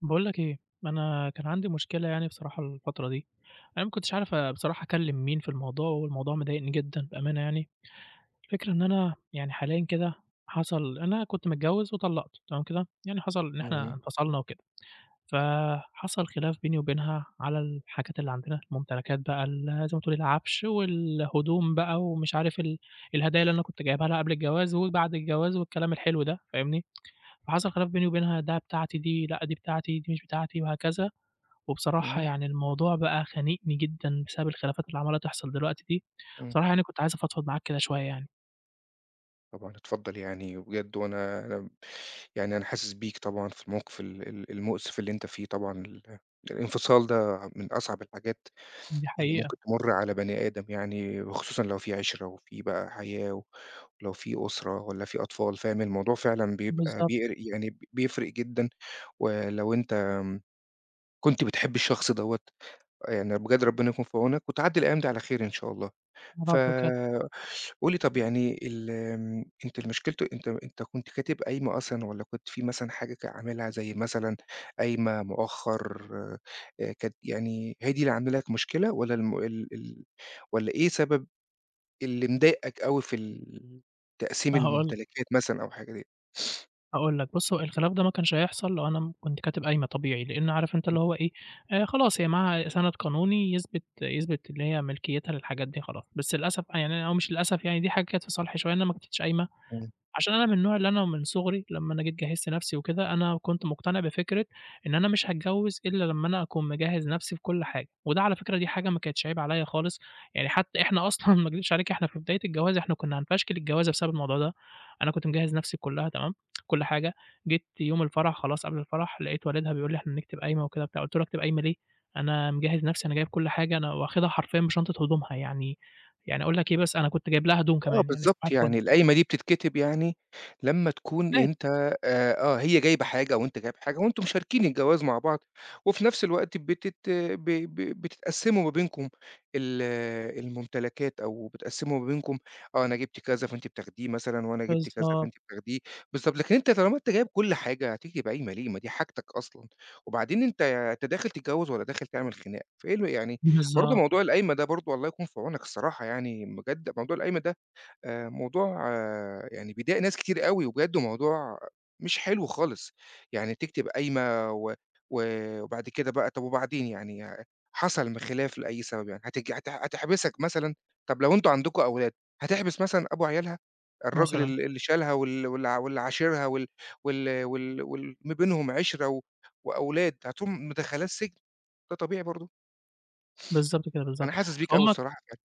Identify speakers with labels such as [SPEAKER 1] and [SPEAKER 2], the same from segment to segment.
[SPEAKER 1] باقول لك إيه، أنا كان عندي مشكلة يعني بصراحة الفترة دي، أنا ما كنتش عارف آآ بصراحة أكلّم مين في الموضوع، والموضوع مضايقني جدًا بأمانة يعني، الفكرة إن أنا يعني حاليًا كده حصل أنا كنت متجوّز وطلّقت تمام كده؟ يعني حصل إن إحنا
[SPEAKER 2] امم.
[SPEAKER 1] انفصلنا وكده. فحصل خلاف بيني وبينها على الحاجات اللي عندنا، ممتلكات بقى ال زي ما تقول العفش، والهدوم بقى، ومش عارف ال الهدايا اللي أنا كنت جايبها لها قبل الجواز، وبعد الجواز والكلام الحلو ده فاهمني؟ فحصل خلاف بيني وبينها ده بتاعتي دي لأ دي بتاعتي، دي مش بتاعتي، وهكذا، وبصراحة
[SPEAKER 2] اهم.
[SPEAKER 1] يعني الموضوع بقى خانقني جدًا بسبب الخلافات اللي عمّالة تحصل دلوقتي دي،
[SPEAKER 2] امم.
[SPEAKER 1] بصراحة يعني كنت عايز أفضفض معاك كده شويّة يعني.
[SPEAKER 2] طبعًا اتفضّل يعني، وبجد وأنا آمم يعني أنا حاسس بيك طبعًا في الموقف ال ال المؤسف اللي أنت فيه، طبعًا ال الانفصال ده من أصعب الحاجات
[SPEAKER 1] دي
[SPEAKER 2] اللي
[SPEAKER 1] حقيقة.
[SPEAKER 2] ممكن تمُر على بني آدم يعني، وخصوصًا لو في عِشرَة وفي بقى حياة، و ولو في أُسرَة والّا في أطفال فاهم؟ الموضوع فعلًا بيبقى
[SPEAKER 1] بالضبط.
[SPEAKER 2] بيقر يعني بيفرق جدًا، ولو أنت آمم كنت بتحب الشخص دوّة، يعني بجد ربنا يكون في عونك وتعدّي الأيّام دي على خير إن شاء الله. ف
[SPEAKER 1] يارب بجد.
[SPEAKER 2] قُل لي طَب يعني ال آمم أنت المشكلت أنت أنت كنت كاتب قايمة أصلًا، والّا كنت في مثلًا حاجة ك عاملها زي مثلًا قايمة، مؤخر، آآ ك يعني هي دي اللي عاملة لك مشكلة؟ والّا الم ال ال والّا إيه سبب اللي مضايقك أوي في ال تقسيم
[SPEAKER 1] هاقول لك.
[SPEAKER 2] الممتلكات مثلًا أو حاجة ديّة؟
[SPEAKER 1] هاقول لك، بُصّ هو الخلاف ده ما كانش هيحصل لو أنا م كنت كاتب قايمة طبيعي، لأن عارف أنت اللي هو إيه آآ خلاص هي معاها سَنَد قانوني يثبت يثبت اللي هي ملكيتها للحاجات دي خلاص، بس للأسف بقى يعني أنا أو مش للأسف يعني دي حاجة كانت في صالحي شوية، إن أنا ما كتبتش قايمة،
[SPEAKER 2] امم.
[SPEAKER 1] عشان أنا من النوع اللي أنا من صغري لمّا أنا جيت جهِّزت نفسي وكده أنا كنت مقتنع بفكرة إن أنا مش هاتجوز إلّا لمّا أنا أكون مجهّز نفسي في كُلّ حاجة، وده على فكرة دي حاجة ما كانتش عيب عليَّ خالص، يعني حتى إحنا أصلًا ما اكدبش عليك إحنا في بداية الجواز إحنا كنا هنفشكل الجوازة بسبب الموضوع ده، أنا كنت مجهّز نفسي كُلّها تمام، كُلّ حاجة، جيت يوم الفرح خلاص قبل الفرح لقيت والدها بيقول لي إحنا نكتب قايمة وكده وبتاع، قُلت له أكتب قايمة ليه؟ أنا مجهّز نفسي أنا جايب كل حاجة، أنا واخدها حرفيًا بشنطة هدومها، يعني يعني أقول لك إيه بس، أنا كنت جايب لها هدوم
[SPEAKER 2] آه
[SPEAKER 1] كمان، يعني صباح
[SPEAKER 2] بالضبط،
[SPEAKER 1] الفُلّ.
[SPEAKER 2] يعني القايمة دي بتتكتب يعني لمّا تكون
[SPEAKER 1] [unintelligible]
[SPEAKER 2] أنت آآ آه هي جايبة حاجة وأنت جايب حاجة وأنتم مشاركين الجواز مع بعض، وفي نفس الوقت بتت ب ب بتتقسّموا ما بينكم ال الممتلكات، أو بتقسّموا ما بينكم آه، أنا جِبت كذا فأنتِ بتاخديه مثلًا وأنا جِبت كذا فأنتِ
[SPEAKER 1] بالضبط.
[SPEAKER 2] بتاخديه، بالضبط لكن أنت طالما أنت جايب كُلّ حاجة هتكتب قايمة ليه، ما دي حاجتك أصلًا، وبعدين أنت أنت داخل تتجوز والَّا داخل تعمل خناقة فإيه ال يعني، برضه
[SPEAKER 1] بالضبط.
[SPEAKER 2] موضوع القايمة ده برضه الله يكون في عونك الصراحة يعني بجد موضوع القايمة ده آآ موضوع يعني بيضايق ناس كتير أوي، وبجد وموضوع مش حلو خالص يعني تكتب قايمة، و و وبعد كده بقى طَب وبعدين يعني حصل خلاف لأي سبب يعني، هتيجي هت هتحبسك مثلًا؟ طَب لو أنتم عندكم أولاد، هتحبس مثلًا أبو عيالها؟ الراجل
[SPEAKER 1] مثلًا.
[SPEAKER 2] ال اللي شالها وال وال واللي عاشِرها وال وال وال وال ما بينهم عِشرة و وأولاد، هتقوم مدخّلاه السجن؟ ده طبيعي برضه!
[SPEAKER 1] بالضبط كده،
[SPEAKER 2] أنا
[SPEAKER 1] بالضبط
[SPEAKER 2] حاسس بيك أوي
[SPEAKER 1] فهم
[SPEAKER 2] الصراحة بجد.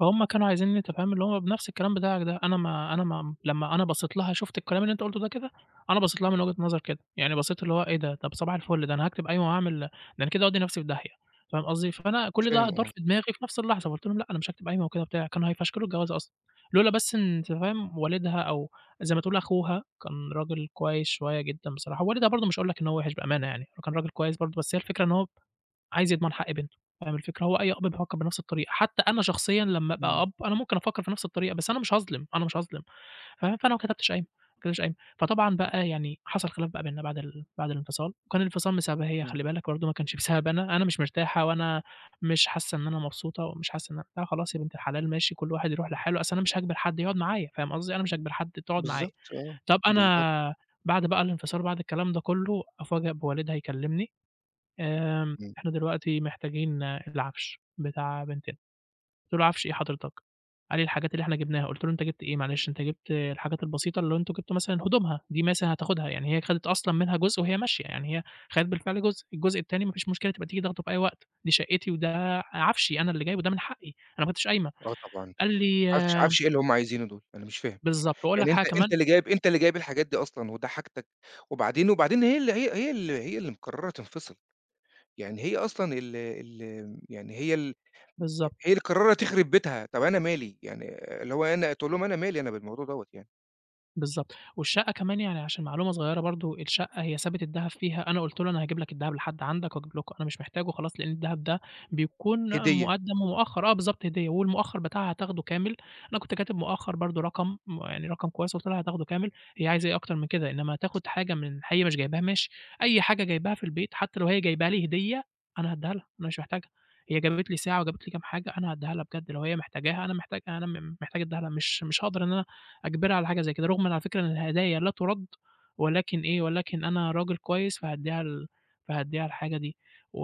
[SPEAKER 1] فهم كانوا عايزينّي أنت فاهم اللي هو بنفس الكلام بتاعك ده، أنا ما أنا ما لمّا أنا بصّيت لها شُفت الكلام اللي أنت قُلُته ده كده، أنا بصّيت لها من وجهة نظر كده، يعني بصّيت اللي هو إيه ده! طَب صباح الفُلّ ده أنا هاكتب قايمة وهاعمل ده أنا كده هاودِّي نفسي في داهية، فاهم قصدي؟ فأنا كُلّ ده
[SPEAKER 2] فاهم،
[SPEAKER 1] دار في
[SPEAKER 2] آه.
[SPEAKER 1] دماغي في نفس اللحظة فقلت لهم لأ أنا مش هاكتب قايمة وكده وبتاع، كانوا هيفشكلوا الجوازة أصلًا، لولا بس أنت فاهم والدها أو زي ما تقول أخوها كان راجل كويس شوية جدًا بصراحة، ووالدها برضه مش هاقول لك إن هو وحش بأمانة يعني، هو كان راجل كويس برضه، بس هي الفكرة إن هو عايز يضمن حق بنتُه، فاهم الفكرة هو أي أب بيفكّر بنفس الطريقة، حتى أنا شخصيًا لمّا أبقى
[SPEAKER 2] امم.
[SPEAKER 1] أب، أنا ممكن أفكّر في نفس الطريقة، بس أنا مش هاظلم، أنا مش هاظلم، ف فأنا ما كتبتش قايمة ما كتبتش قايمة، فطبعا بقى يعني حصل خلاف بقى بيننا بعد ال بعد الانفصال، وكان الانفصال بسببها هي
[SPEAKER 2] امم.
[SPEAKER 1] خلي بالك برضه، ما كانش بسببي أنا، أنا مش مرتاحة وأنا مش حاسة إن أنا مبسوطة ومش حاسة إن أن قُلت لها خلاص يا بنت الحلال ماشي كل واحد يرُوح لحالُه، أصل أنا مش هاجبر حد يقعد معايا فاهم قصدي، أنا مش هاجبر حد تقعد معايا،
[SPEAKER 2] بالضبط آه،
[SPEAKER 1] طَب
[SPEAKER 2] بالضبط.
[SPEAKER 1] أنا بعد بقى الانفصال بعد الكلام ده كُلُّه، أُفاجأ بوالدها يكلمني، آآ،
[SPEAKER 2] امم.
[SPEAKER 1] إحنا دلوقتي محتاجين العفش بتاع بنتنا، قُلت لُه: "عفش إيه حضرتك؟" قال لي: "الحاجات اللي إحنا جِبناها" قلت له: "أنت جِبت إيه معلش؟" أنت جِبت الحاجات البسيطة اللي هو أنتم جِبتوا مثلًا هدومها دي مثلًا هتاخدها، يعني هي خدت أصلًا منها جُزء وهي ماشية، يعني هي خدِت بالفعل جُزء، الجزء التاني ما فيش مشكلة تبقى تيجي تاخدُه في أي وقت، دي شقِّتي وده عفشي، أنا اللي جايبُه وده من حقّي أنا ما كتبتش قايمة،
[SPEAKER 2] آه طبعًا،
[SPEAKER 1] قال
[SPEAKER 2] عفش
[SPEAKER 1] لي
[SPEAKER 2] عفش إيه اللي هم عايزينُه دُول، أنا مش فاهم،
[SPEAKER 1] بالضبط، وأقول
[SPEAKER 2] يعني
[SPEAKER 1] لك
[SPEAKER 2] أنت
[SPEAKER 1] حاجة
[SPEAKER 2] أنت
[SPEAKER 1] كمان.
[SPEAKER 2] اللي جايب أنت اللي جايب الحاجات دي أصلًا وده حاجتك، وبعدين وبعدين هي اللي هي هي ال هي اللي مقرَّرة تنفصِل، يعني هي أصلًا ال ال يعني هي ال
[SPEAKER 1] بالضبط.
[SPEAKER 2] هي اللي مقررة تخرِب بيتها، طَب أنا مالي يعني اللي هو أنا تقول لهم أنا مالي أنا بالموضوع دوَّة يعني.
[SPEAKER 1] بالضبط، والشقة كمان يعني عشان معلومة صغيرة برضه، الشقة هي سابت الدهب فيها أنا قُلت له أنا هاجيب لك الدهب لحد عندك، وأجيب لك أنا مش محتاجُه خلاص لأن الدهب ده بيكون
[SPEAKER 2] هدية.
[SPEAKER 1] مُقدَّم ومؤخّر آه بالضبط، هدية والمؤخّر بتاعها هاتاخدُه كامل، أنا كُنت كاتب مؤخّر برضه رقم م يعني رقم كويس، قُلت لها هاتاخدُه كامل، هي عايزة إيه أكتر من كده، إنّما تاخد حاجه من هي مش جايباها ماشي أي حاجه جايباها في البيت حتّى لو هي جايباها لي هدية أنا هادّيها لها، أنا مش محتاجها هي جابت لي ساعة، وجابت لي كام حاجه، أنا هادّيها لها بجد لو هي محتاجاها أنا محتاج أنا محتاج ادّيها لها، مش مش هاقدر إن أنا أجبرها على حاجه زي كده، رُغمًا على فكرة إن الهدايا لا تُرَدّ، ولكن إيه ولكن أنا راجل كويس، فهادّيها ال فهاديها الحاجه دي و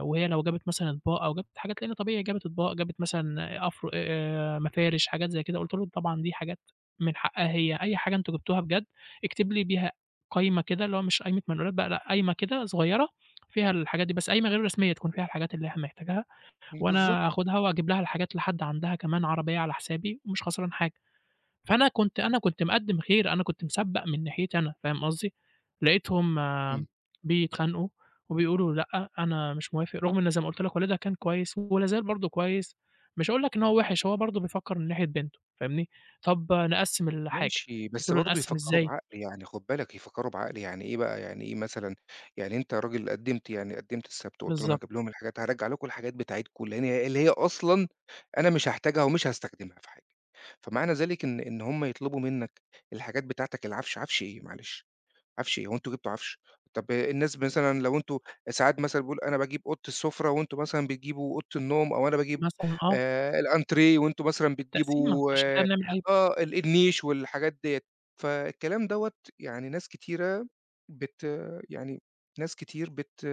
[SPEAKER 1] وهي لو جابت مثلًا أطباق، أو جابت حاجات لإن طبيعي جابت أطباق، جابت مثلًا أف آآ، مفارش حاجات زي كده، قُلت لهم طبعًا دي حاجات من حقّها هي، أي حاجه أنتم جبتوها بجد اكتب لي بيها قايمة كده اللي هو مش قايمة منقولات بقى لأ، قايمة كده صغيرة فيها الحاجات دي بس، قايمة غير رسمية تكون فيها الحاجات اللي إحنا محتاجها
[SPEAKER 2] بالضبط.
[SPEAKER 1] وأنا هاخدها وأجيب لها الحاجات لحد عندها كمان عربية على حسابي، مش خسران حاجه، فأنا كُنت أنا كُنت مقدّم خير، أنا كُنت مسبَّق من ناحيتي أنا، فاهم قصدي، لقيتهم،
[SPEAKER 2] امم.
[SPEAKER 1] بيتخانقوا وبيقولوا لأ أنا مش موافق، رُغم إن زي ما قُلت لك والدها كان كويس ولا زال برضه كويس، مش هاقول لك إن هو وِحِش، هو برضه بيفكّر من ناحية بنتُه، فاهمني، طَب نقسّم الحاجه
[SPEAKER 2] ماشي،
[SPEAKER 1] قُلت
[SPEAKER 2] بس
[SPEAKER 1] له
[SPEAKER 2] برضه
[SPEAKER 1] نقسّم
[SPEAKER 2] يفكّروا
[SPEAKER 1] إزاي؟
[SPEAKER 2] بعقل، يعني خد بالك يفكّروا بعقل يعني إيه بقى، يعني إيه مثلًا، يعني أنت راجل قدِّمت يعني قدِّمت السبت وقُلت لهم
[SPEAKER 1] بالضبط.
[SPEAKER 2] هاجيب لهم الحاجات هارجّع لكم الحاجات بتاعتكم لأن هي اللي هي أصلًا أنا مش هاحتاجها ومش هاستخدمها في حاجه، فمعنى ذلك إن إن هم يطلبوا منك الحاجات بتاعتك العفش، عفش إيه معلش؟ عفش إيه هو أنتم جِبتوا عفش، طَب الناس مثلًا لو أنتم ساعات مثلًا بيقول أنا باجيب أوضة السُفرة، وأنتم مثلًا بتجيبوا أوضة النوم، أو أنا باجيب
[SPEAKER 1] مثلًا آه.
[SPEAKER 2] آآ، الأنتريه وأنتم مثلًا
[SPEAKER 1] التقسيمة،
[SPEAKER 2] بتجيبوا
[SPEAKER 1] عشان كده بنعمل قايمة.
[SPEAKER 2] آه ال النيش والحاجات ديَّة، فالكلام دوَّة يعني ناس كتيرة بت يعني ناس كتير بت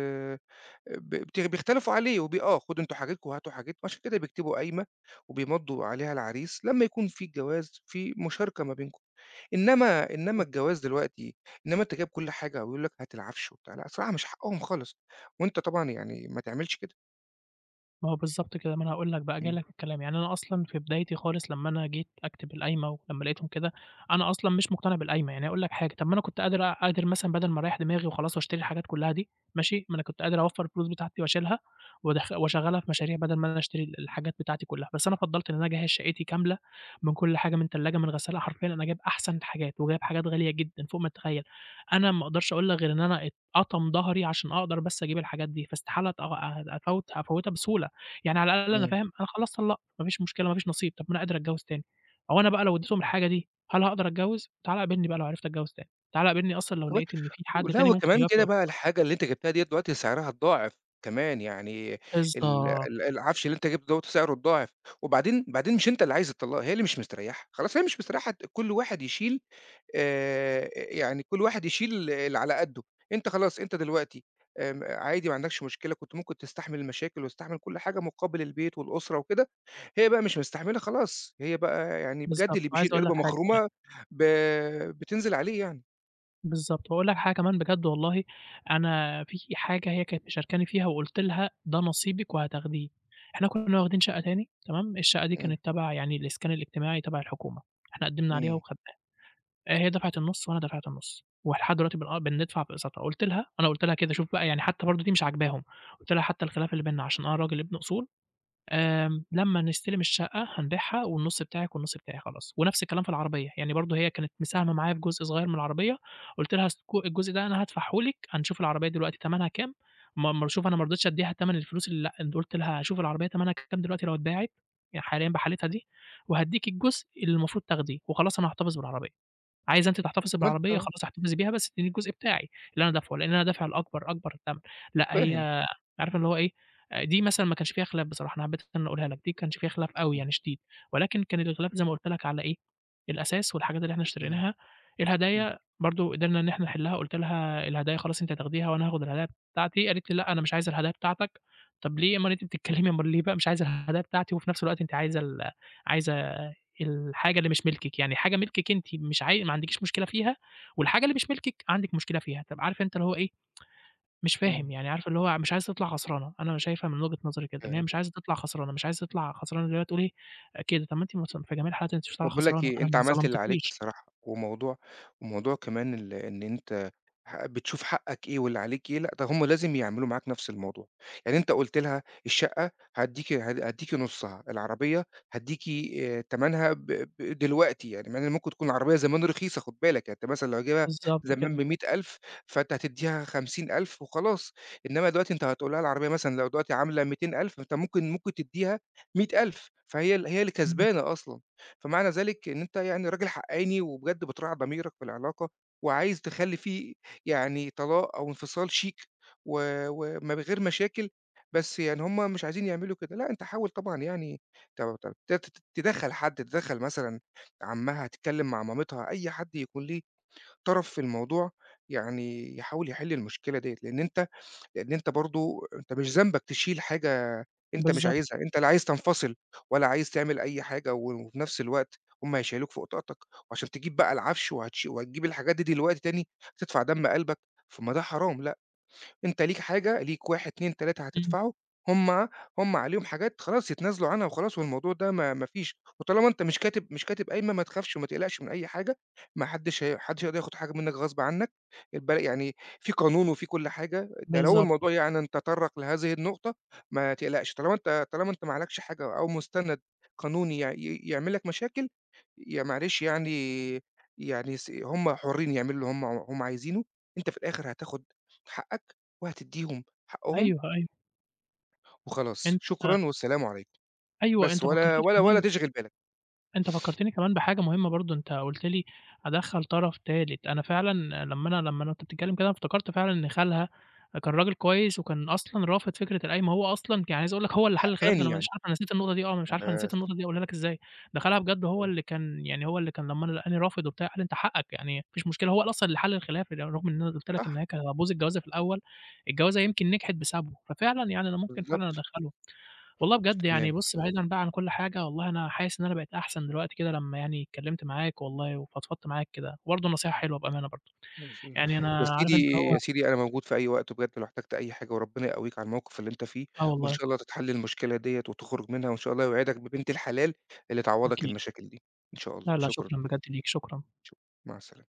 [SPEAKER 2] بت بت بيختلفوا عليه وب آه خدوا أنتم حاجتكم وهاتوا حاجت وعشان كده بيكتبوا قايمة وبيمضّوا عليها العريس لمّا يكون في الجواز في مشاركة ما بينكم، إنّما إنّما
[SPEAKER 1] بالضبط.
[SPEAKER 2] الجواز دلوقتي إنّما أنت جايب كل حاجه ويقولوا لك هات العفش و بتاع لأ، الصراحة مش حقّهم خالص وأنت طبعًا يعني ما تعملش كده.
[SPEAKER 1] ما هو بالضبط كده. ما أنا هاقول لك بقى، جاي
[SPEAKER 2] إمم.
[SPEAKER 1] لك في الكلام، يعني أنا أصلًا في بدايتي خالص، لمّا أنا جيت أكتب القايمة، ولمّا لقيتهم كده، أنا أصلًا مش مقتنع بالقايمة، يعني هاقول لك حاجة، طَب ما أنا كنت قادر أ قادر مثلًا بَدَل ما أريَّح دماغي، وخلاص، واشتري الحاجات كلها دي، ماشي؟ ما أنا كنت قادر أوفَّر الفلوس بتاعتي وأشيلها، وادخ واشغَّلها في مشاريع، بَدَل ما أنا اشتري ال الحاجات بتاعتي كلها، بس أنا فضَّلت إن أنا أجَهِّز شقّتي كاملة، من كل حاجة من تلّاجة، من غسّالة حرفيًا أنا جايب أحسن الحاجات، وجايب حاجات غالية جدًا، فوق ما تتخيل. أنا ما أقدرش أقول لك غير إن أنا اتقطم ضهري، عشان أقدر بس أجيب الحاجات دي، فاستحالة أت آآ أفوّت أفوّتها بسهولة، يعني على الأقل أنا
[SPEAKER 2] إمم.
[SPEAKER 1] فاهم، أنا خلاص طلَّقت، ما فيش مشكلة، ما فيش نصيب. طَب ما أنا قادر أتجوِّز تاني، هو أنا بقى لو اديتهم الحاجة دي، هل هاقدر أتجوِّز، تعالَ قابلني بقى لو عِرِفت أتجوِّز تاني. تعالَ قابلني أصلًا
[SPEAKER 2] كمان
[SPEAKER 1] لو لقيت إن فيه حد
[SPEAKER 2] لأ،
[SPEAKER 1] تاني ممكن
[SPEAKER 2] وكمان
[SPEAKER 1] يوافق
[SPEAKER 2] كده بقى
[SPEAKER 1] [unintelligible]
[SPEAKER 2] الحاجة اللي أنت جِبتها ديّة دلوقتي سعرها اتضاعف كمان، يعني ال
[SPEAKER 1] بالضبط.
[SPEAKER 2] ال العفش اللي أنت جِبته دوّة سعره اتضاعف، وبعدين بعدين مش أنت اللي عايز الطلاق، هي اللي مش مستريحة، خلاص هي مش مستريحة، ت كل واحد يشيل آآ يعني كل واحد يشيل اللي على قَدُّه. أنت خلاص، أنت دلوقتي آمم عادي ما عندكش مشكلة، كنت ممكن تستحمل المشاكل، وتستحمل كل حاجة، مُقابل البيت، والأُسرة، وكده، هي بقى مش مستحملة، خلاص. هي بقى يعني بجد
[SPEAKER 1] بالضبط.
[SPEAKER 2] اللي بيشيل
[SPEAKER 1] وعايز أقول لك
[SPEAKER 2] قِربَة
[SPEAKER 1] حاجة كمان
[SPEAKER 2] مخرومة ب بتنزِل عليه يعني.
[SPEAKER 1] بالضبط، وأقول لك حاجة كمان بجد والله أنا في حاجة هي كانت مشاركاني فيها وقلت لها ده نصيبك وهتاخديه، إحنا كنّا واخدين شقّة تاني تمام الشقّة دي
[SPEAKER 2] إمم.
[SPEAKER 1] كانت تبع يعني الإسكان الإجتماعي، تبع الحكومة، إحنا قدّمنا عليها
[SPEAKER 2] إمم.
[SPEAKER 1] وخدناها، آآ هي دفعت النُصّ وأنا دفعت النُصّ، ولحد دلوقتي بن آه بندفع في اقساطها قُلت لها أنا قُلت لها كده شوف بقى يعني حتى برضه دي مش عاجباهم قلت لها حتى الخِلاف اللي بيننا علشان أنا راجل ابن أصول، آآ، لمّا نستلم الشقة هنبيعها والنُصّ بتاعك والنُصّ بتاعي خلاص، ونفس الكلام في العربية، يعني برضه هي كانت مساهمة معايا بجزء صغير من العربية، قُلت لها الس ك الجزء ده أنا هادفعه لِك، هنشوف العربية دلوقتي تمنها كام ما ما شوف أنا مرضيتش أدّيها تمن الفلوس اللي لأ قُلت لها هاشوف العربية تمنها كام دلوقتي لو اتباعت يعني حاليًا بحالتها دي، وهادّيكِ الجزء اللي المفروض تاخديه، وخلاص أنا هاحتفظ بالعربية، عايزة أنتِ تحتفظي بالعربية
[SPEAKER 2] [unintelligible]
[SPEAKER 1] خلاص احتفظي بيها، بس ادّيني الجزء بتاعي اللي أنا دافعُه لأن أنا دافع الأكبر أكبر تَمَن، لأ
[SPEAKER 2] فاهم.
[SPEAKER 1] هي عارف اللي هو إيه دي آآ مثلًا ما كانش فيها خلاف بصراحة، أنا حبّيت اللي أنا أقولها لك دي ما كانش فيها خلاف أوي
[SPEAKER 2] إمم.
[SPEAKER 1] يعني شديد، ولكن كان الخلاف زي ما قلت لك على إيه الأساس والحاجات اللي إحنا
[SPEAKER 2] إمم،
[SPEAKER 1] اشتريناها،
[SPEAKER 2] إمم.
[SPEAKER 1] الهدايا برضه قدرنا إن إحنا نحلّها قلت لها الهدايا خلاص أنتِ هتاخديها، وأنا هاخد الهدايا بتاعتي قالت لي لأ أنا مش عايزة الهدايا بتاعتك، طَب ليه اُمّال أنتِ بتتكلمي اُمّال ليه بقى مش عايزة الهدايا بتاعتي، وفي نفس الوقت أنتِ عايزة ال عايزة الحاجة اللي مش ملكِك يعني حاجة ملكِك أنتِ مش عاي ما عندكيش مشكلة فيها، والحاجة اللي مش ملكِك عندِك مشكلة فيها، طَب عارف أنت اللي هو إيه مش
[SPEAKER 2] إمم.
[SPEAKER 1] فاهم يعني عارف اللي هو مش عايزة تطلع خسرانة، أنا شايفها من وجهِة نظري كده إن هي
[SPEAKER 2] فاهم.
[SPEAKER 1] مش عايزة تِطلَع خسرانة، مش عايزة تِطلَع خسرانة زي ما تقول إيه، كده طَب ما أنتِ [unintelligible] في جميع الحالات أنتِ مش
[SPEAKER 2] طَب
[SPEAKER 1] طالعة
[SPEAKER 2] باقول لك
[SPEAKER 1] خسرانة،
[SPEAKER 2] إيه،
[SPEAKER 1] أنا
[SPEAKER 2] أنت
[SPEAKER 1] ما
[SPEAKER 2] عملت اللي عليك
[SPEAKER 1] ظلمتكيش.
[SPEAKER 2] الصراحة، وموضوع وموضوع كمان ال إن أنت ه بتشوف حقَّك إيه واللي عليك إيه، لأ ده هم لازم يعملوا معاك نفس الموضوع، يعني أنت قُلت لها الشقّة هاديكِ ه هاديكِ نُصّها، العربية هاديكِ آآ، تَمَنها ب ب دلوقتي يعني مع إن ممكن تكون العربية زمان رخيصة خُد بالك، يعني أنت مثلًا لو جايبها
[SPEAKER 1] بالضبط
[SPEAKER 2] زمان
[SPEAKER 1] كده.
[SPEAKER 2] ب100000 فأنت هتدّيها 50000 وخلاص، إنمّا دلوقتي أنت هتقول لها العربية مثلًا لو دلوقتي عاملة 200000 أنت ممكن ممكن تدّيها 100000 فهي ال هي اللي
[SPEAKER 1] إمم.
[SPEAKER 2] كسبانة أصلًا، فمعنى ذلك إن أنت يعني راجل حقّاني، وبجد بتراعي ضميرك في العلاقة، وعايز تخلّي فيه يعني طلاق أو انفصال شيك، و ومن غير مشاكل، بس يعني هم مش عايزين يعملوا كده، لأ أنت حاول طبعًا يعني ت ت ت تدخَّل حد تدخَّل مثلًا عمّها، تتكلم مع مامتها، أي حد يكون ليه طرف في الموضوع، يعني يحاول يحِلّ المشكلة ديَّة لأن أنت لأن أنت برضه أنت مش ذنبك تشيل حاجة أنت مش
[SPEAKER 1] بالضبط.
[SPEAKER 2] عايزها، أنت لا عايز تنفصل ولا عايز تعمل أي حاجة، وفي نفس الوقت هم هيشيّلوك فوق طاقتك، وعلشان تجيب بقى العفش وهتش وهتجيب الحاجات دي دلوقتي تاني، تدفع دم قلبك طَب ما ده حرام، لأ، أنت ليك حاجة، ليك 1 2 3
[SPEAKER 1] إمم.
[SPEAKER 2] هتدفعه، هم هم عليهم حاجات خلاص يتنازلوا عنها وخلاص، والموضوع ده ما ما فيش، وطالما أنت مش كاتب مش كاتب قايمة ما تخافش، وما تقلقش من أي حاجة، ما حدش هي ما حدش هيقدر ياخد حاجة منك غصب عنك، الب يعني في قانون وفي كُلّ حاجة، ده لو
[SPEAKER 1] بالضبط.
[SPEAKER 2] الموضوع يعني تطرَّق لهذه النقطة، ما تقلقش طالما أنت طالما أنت ما عليكش حاجة أو مستند قانوني يع ي يعمل لك مشاكل، يع معلش يعني يعني س هم حرّين يعملوا اللي هم هم عايزينُه، أنت في الآخر هتاخد حقَّك وهتديهم حقُّهم
[SPEAKER 1] أيوه، أيوه.
[SPEAKER 2] وخلاص،
[SPEAKER 1] أنت
[SPEAKER 2] شكرًا والسلام عليكم،
[SPEAKER 1] أيوه،
[SPEAKER 2] بس
[SPEAKER 1] أنت
[SPEAKER 2] ولا
[SPEAKER 1] فكّرتني
[SPEAKER 2] ولا ولا
[SPEAKER 1] كمان
[SPEAKER 2] تِشغِل بالك.
[SPEAKER 1] أنت فكّرتني كمان بحاجة مهمة برضه، أنت قلت لي أدخَّل طرف تالت، أنا فعلًا لمّا أنا لمّا أنا أنت وبتتكلم كده افتكرت فعلًا إن خالها كان راجل كويس وكان أصلًا رافض فكرة القايمة، هو أصلًا يعني عايز أقول لك هو اللي حلّ الخلاف ده
[SPEAKER 2] حقّاني
[SPEAKER 1] أنا مش
[SPEAKER 2] يعني.
[SPEAKER 1] عارف أنا نسيت النقطة دي آه، أنا مش عارف أنا نسيت
[SPEAKER 2] بس.
[SPEAKER 1] النقطة دي أقولها لك إزاي، ده خالها بجد هو
[SPEAKER 2] آه
[SPEAKER 1] اللي كان يعني هو اللي كان لمّا أنا لقاني رافض وبتاع، قال لي أنت حقَّك يعني ما فيش مشكلة هو اللي أصلًا اللي حلّ الخلاف، ر رغم إن أنا قلت لك إن
[SPEAKER 2] صح.
[SPEAKER 1] هي كانت هتبوظ الجوازة في الأول، الجوازة يمكن نجحت بسببُه، ففعلًا يعني أنا ممكن فعلًا
[SPEAKER 2] بالضبط.
[SPEAKER 1] أدخُّله، والله
[SPEAKER 2] ش
[SPEAKER 1] بجد يعني
[SPEAKER 2] تمام.
[SPEAKER 1] بُصّ بعيدًا بقى عن كل حاجة والله أنا حاسس إن أنا بقيت أحسن دلوقتي كده لمّا يعني اتكلمت معاك والله، وفضفضت معاك كده، وبرضه نصيحة حلوة بأمانة برضه،
[SPEAKER 2] [unintelligible]
[SPEAKER 1] يعني
[SPEAKER 2] يا
[SPEAKER 1] أنا
[SPEAKER 2] سيدي،
[SPEAKER 1] عارف أنت اللي هو
[SPEAKER 2] يا سيدي أنا موجود في أي وقت وبجد لو احتاجت أي حاجة وربنا يقوّيك على الموقف اللي أنت فيه،
[SPEAKER 1] آه
[SPEAKER 2] وإن
[SPEAKER 1] والله.
[SPEAKER 2] شاء الله تتحلّ المشكلة ديَّة، وتخرج منها، وإن شاء الله يوعدك ببنت الحلال اللي تعوّضك
[SPEAKER 1] أكيد.
[SPEAKER 2] المشاكل دي، إن شاء الله،
[SPEAKER 1] لأ، لأ،
[SPEAKER 2] شكرًا.
[SPEAKER 1] شكرًا بجد ليك، شكرًا.
[SPEAKER 2] شكرًا، مع السلامة.